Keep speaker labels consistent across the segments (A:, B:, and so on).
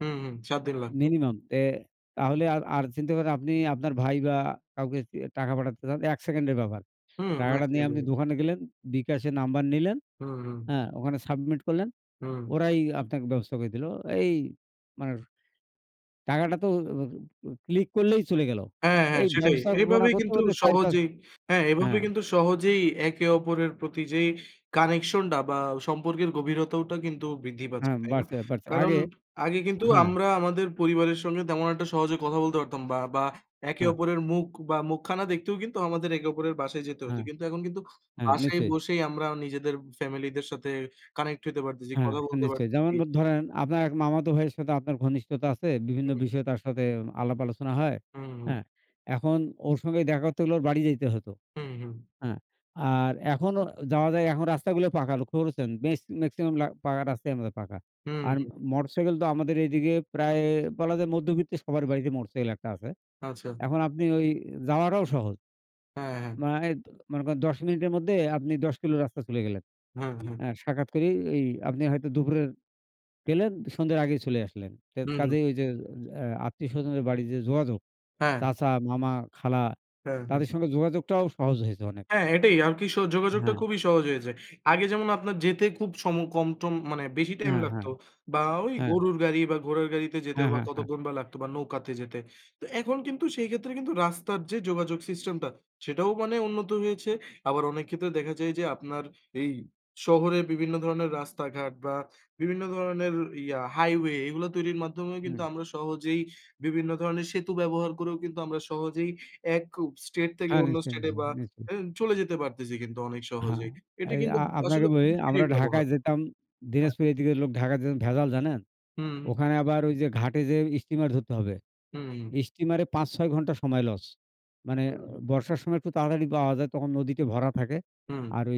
A: হুম, হুম। ৭ দিন লাগতো।
B: minimum এ তাহলে আর আর চিন্তা করেন আপনি আপনার ভাই বা কাউকে টাকা পাঠাতে চান, ১ সেকেন্ডের ব্যাপার।
A: হুম,
B: টাকাটা
A: আসতেই
B: নিয়ে আপনি
A: পারে।
B: দোকানে গেলেন, বিকাশের নাম্বার নিলেন,
A: হুম, হুম।
B: হ্যাঁ? ওখানে submit করলেন।
A: হুম।
B: ওরাই আপনাকে ব্যবস্থা করে দিল। এই মানে টাকাটা তো ও click করলেই চলে গেল।
A: হ্যাঁ, হ্যাঁ,
B: এই
A: সেটাই।
B: ব্যবস্থাপনা
A: এভাবেই
B: করতে
A: কিন্তু
B: হতে ৪-৫
A: সহজেই হ্যাঁ, এভাবেই
B: হ্যাঁ।
A: কিন্তু সহজেই একে অপরের প্রতি যেই connection টা বা সম্পর্কের গভীরতাওটা কিন্তু বৃদ্ধি পাচ্ছে,
B: হ্যাঁ,
A: তাই না?
B: বাড়ছে, বাড়ছে।
A: কারণ
B: আগে
A: আগে কিন্তু
B: হ্যাঁ।
A: আমরা আমাদের পরিবারের সঙ্গে তেমন একটা সহজে কথা বলতে পারতাম বা বা একে
B: হ্যাঁ।
A: অপরের মুখ বা মুখখানা দেখতেও কিন্তু আমাদের একে অপরের বাসায় যেতে হতো।
B: হ্যাঁ।
A: কিন্তু এখন কিন্তু
B: হ্যাঁ,
A: বাসায়
B: নিশ্চয়ই।
A: বসেই আমরা নিজেদের family দের সাথে connect হতে পারতেছি,
B: হ্যাঁ,
A: কথা বলতে
B: নিশ্চয়ই। যেমন
A: পারতেছি।
B: ধরেন আপনার এক মামাতো ভাইয়ের সাথে আপনার ঘনিষ্ঠতা আছে। বিভিন্ন
A: হুম।
B: বিষয়ে তার সাথে আলাপ আলোচনা হয়,
A: হুম, হুম।
B: হ্যাঁ? এখন ওর সঙ্গে দেখা করতে হলে ওর বাড়ি যাইতে হতো,
A: হুম, হুম।
B: হ্যাঁ? আর এখনও যাওয়া যায়। এখন রাস্তাগুলো পাকা লক্ষ্য করেছেন? বেশ maximum লা পাকা রাস্তাই আমাদের পাকা।
A: হুম,
B: আর
A: হুম।
B: motorcycle তো আমাদের এইদিকে প্রায় বলা যায় মধ্যবিত্ত সবার বাড়িতে motorcycle একটা আছে।
A: আচ্ছা।
B: এখন আপনি ঐ যাওয়াটাও সহজ।
A: হ্যাঁ, হ্যাঁ।
B: মানে মনে করেন ১০ মিনিটের মধ্যে আপনি ১০ কিলো রাস্তা চলে গেলেন।
A: হুম, হুম।
B: এ্যা সাক্ষাৎ করি। এই আপনি হয়তো দুপুরে গেলেন, সন্ধ্যার আগেই চলে আসলেন। তে
A: হুম, হুম।
B: কাজেই ঐ যে আ আত্মীয়স্বজনের বাড়ির যে যোগাযোগ,
A: হ্যাঁ।
B: চাচা, মামা, খালা
A: হ্যাঁ, হ্যাঁ।
B: তাদের সঙ্গে যোগাযোগটাও সহজ হয়েছে অনেক।
A: হ্যাঁ, এটাই আর কি। স যোগাযোগটা
B: হ্যাঁ।
A: খুবই সহজ হয়েছে। আগে যেমন আপনার যেতে খুব সম কম টম মানে বেশি time
B: হ্যাঁ, হ্যাঁ।
A: লাগতো বা ঐ
B: হ্যাঁ।
A: গরুর গাড়ি বা ঘোড়ার গাড়িতে যেতে
B: হ্যাঁ,
A: বা
B: হ্যাঁ, হ্যাঁ।
A: কতঘন্টা লাগতো বা নৌকাতে যেতে। তো এখন কিন্তু সেই ক্ষেত্রে কিন্তু রাস্তার যে যোগাযোগ system টা সেটাও মানে উন্নত হয়েছে। আবার অনেক ক্ষেত্রে দেখা যায় যে, আপনার এই শহরে বিভিন্ন ধরনের রাস্তাঘাট বা বিভিন্ন ধরনের ইয়া highway এগুলা তৈরির মাধ্যমেও কিন্তু
B: হুম।
A: আমরা সহজেই বিভিন্ন ধরনের সেতু ব্যবহার করেও কিন্তু আমরা সহজেই এক ও state থেকে
B: হ্যাঁ,
A: অন্য
B: নিশ্চয়ই,
A: state এ বা
B: নিশ্চয়ই। নিশ্চয়ই।
A: এও চলে যেতে পারতেছি কিন্তু অনেক
B: হ্যাঁ,
A: সহজেই। এটি
B: এই
A: কিন্তু
B: আ
A: আসলে
B: আপনাকে বলি
A: প্রযুক্তরই
B: আমরা
A: ব্যবহার।
B: ঢাকায় যেতাম।
A: হ্যাঁ।
B: দিনাজপুর এই দিকের লোক ঢাকায় যেতেন ভেজাল জানেন?
A: হুম, হুম।
B: ওখানে আবার ঐ যে ঘাটে যে স্টিমার ধরতে হবে।
A: হুম, হুম।
B: steamer এ ৫-৬ ঘণ্টা সময় loss। মানে
A: হুম।
B: বর্ষার সময় একটু তাড়াতাড়ি পাওয়া যায়। তখন নদীতে ভরা থাকে।
A: হুম।
B: আর ঐ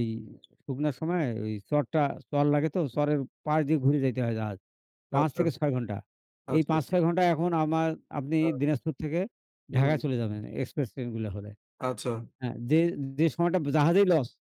B: শুকনার সময়ে ঐ চড়টা, চড় লাগে তো। চড়ের পাড় দিয়ে ঘুরে যাইতে হয় জাহাজ। ৫
A: আচ্ছা।
B: থেকে ৬ ঘণ্টা। এই
A: আচ্ছা,
B: পাঁচ
A: আচ্ছা।
B: ছয় ঘণ্টায় এখন আমার আপনি
A: হ্যাঁ।
B: দিনাজপুর থেকে
A: হুম।
B: ঢাকায় চলে যাবেন express train গুলো হলে।
A: আচ্ছা।
B: হ্যাঁ? যে যে সময়টা জাহাজে loss